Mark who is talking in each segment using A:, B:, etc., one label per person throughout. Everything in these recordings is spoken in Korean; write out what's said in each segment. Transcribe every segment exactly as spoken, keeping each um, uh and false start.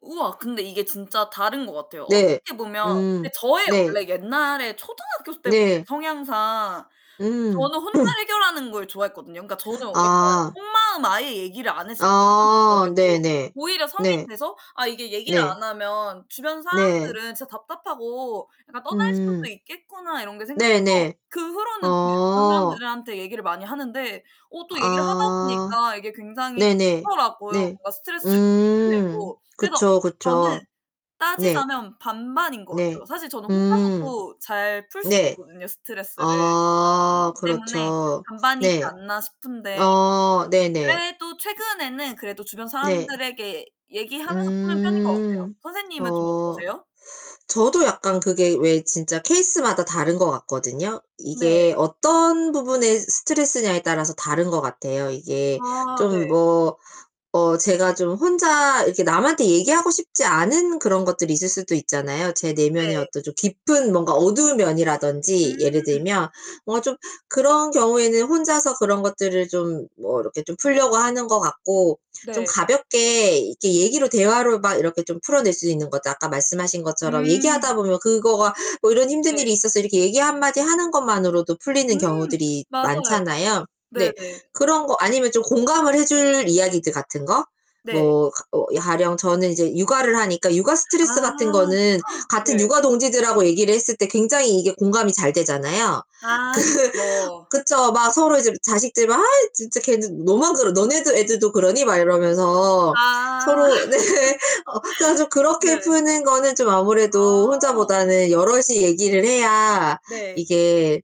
A: 우와 근데 이게 진짜 다른 것 같아요.
B: 네.
A: 어떻게 보면
B: 음.
A: 저의
B: 네.
A: 원래 옛날에 초등학교 때 보면
B: 네.
A: 성향상
B: 음.
A: 저는 혼자 해결하는 걸 좋아했거든요. 그러니까 저는 약간
B: 아.
A: 속마음 아예 얘기를 안 했었
B: 아.
A: [unintelligible]
B: 네네.
A: 오히려 성인
B: 네.
A: 돼서 '아 이게 얘기를
B: 네.
A: 안 하면 주변
B: 네.
A: 사람들은 진짜 답답하고 약간 떠날 수도
B: 음.
A: 있겠구나.' 이런 게 생겨서
B: 네네.
A: 그 후로는 이제 주변
B: 어.
A: 사람들한테 얘기를 많이 하는데 어 또 얘기를 하다
B: 아.
A: 보니까 이게 굉장히
B: 네네.
A: 좋더라고요.
B: 네.
A: 뭔가 스트레스도
B: 음.
A: 풀리고. 그래서
B: 그쵸,
A: 저는
B: 그쵸. 네.
A: 따지자면 반반인 것
B: 네.
A: 같아요. 사실 저는
B: 음.
A: 혼자서도 잘 풀 수
B: 네.
A: 있거든요, 스트레스를.
B: 아
A: 그렇기 때문에
B: 그렇죠.
A: '반반이지
B: 네.
A: 않나?' 싶은데.
B: 어 네네.
A: 그래도 최근에는 그래도 주변
B: 네.
A: 사람들에게 얘기하면서 푸는 편인 것 같아요.
B: 음.
A: 선생님은 좀
B: 어
A: 어떠세요?
B: 저도 약간 그게 왜 진짜 케이스마다 다른 것 같거든요.
A: 네.
B: 이게 어떤 부분의 스트레스냐에 따라서 다른 것 같아요. 이게
A: 아 네.
B: 좀 뭐 어 제가 좀 혼자 이렇게 남한테 얘기하고 싶지 않은 그런 것들이 있을 수도 있잖아요. 제 내면의
A: 네.
B: 어떤 좀 깊은 뭔가 어두운 면이라든지 예를
A: 음.
B: 들면 뭐 좀 그런 경우에는 혼자서 그런 것들을 좀 뭐 이렇게 좀 풀려고 하는 것 같고 좀
A: 네.
B: 가볍게 이렇게 얘기로 대화로 막 이렇게 좀 풀어낼 수 있는 거죠. 아까 말씀하신 것처럼
A: 음.
B: 얘기하다 보면 그거가 뭐 "이런 힘든
A: 네.
B: 일이 있었어." 이렇게 얘기 한 마디 하는 것만으로도 풀리는
A: 음
B: 경우들이
A: 맞아요.
B: 많잖아요. 네.
A: 네네.
B: 그런 거 아니면 좀 공감을 해줄 이야기들 같은 거
A: 네.
B: 뭐 어 가령 저는 이제 육아를 하니까 육아
A: 아
B: 스트레스 같은 거는 같은
A: 네.
B: 육아 동지들하고 얘기를 했을 때 굉장히 이게 공감이 잘 되잖아요. 그
A: 아 그쵸.
B: 그쵸. 막 서로 이제 자식들 막 "아 진짜 걔는." 너만 그러 "너네들 애들도 그러니?" 막 이러면서
A: 아.
B: 서로 네. 어 전 좀 그렇게
A: 네.
B: 푸는 거는 좀 아무래도
A: 아.
B: 혼자보다는 여럿이 얘기를 해야
A: 네.
B: 이게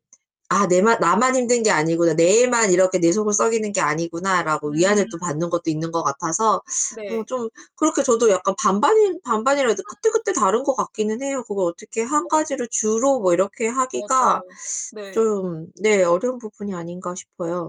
B: '아 내만 나만 힘든 게 아니구나. 내 애만 이렇게 내 속을 썩이는 게 아니구나.'라고 위안을 또
A: 음.
B: 받는 것도 있는 것 같아서 어
A: 네.
B: 좀 그렇게 저도 약간 반반이 반반이라도 그때그때
A: 그쵸.
B: 다른 것 같기는 해요. '그거 어떻게 한
A: 어.
B: 가지를 주로 뭐 이렇게 하기가
A: 맞아요. 네.
B: 좀 네 어려운 부분이 아닌가?' 싶어요.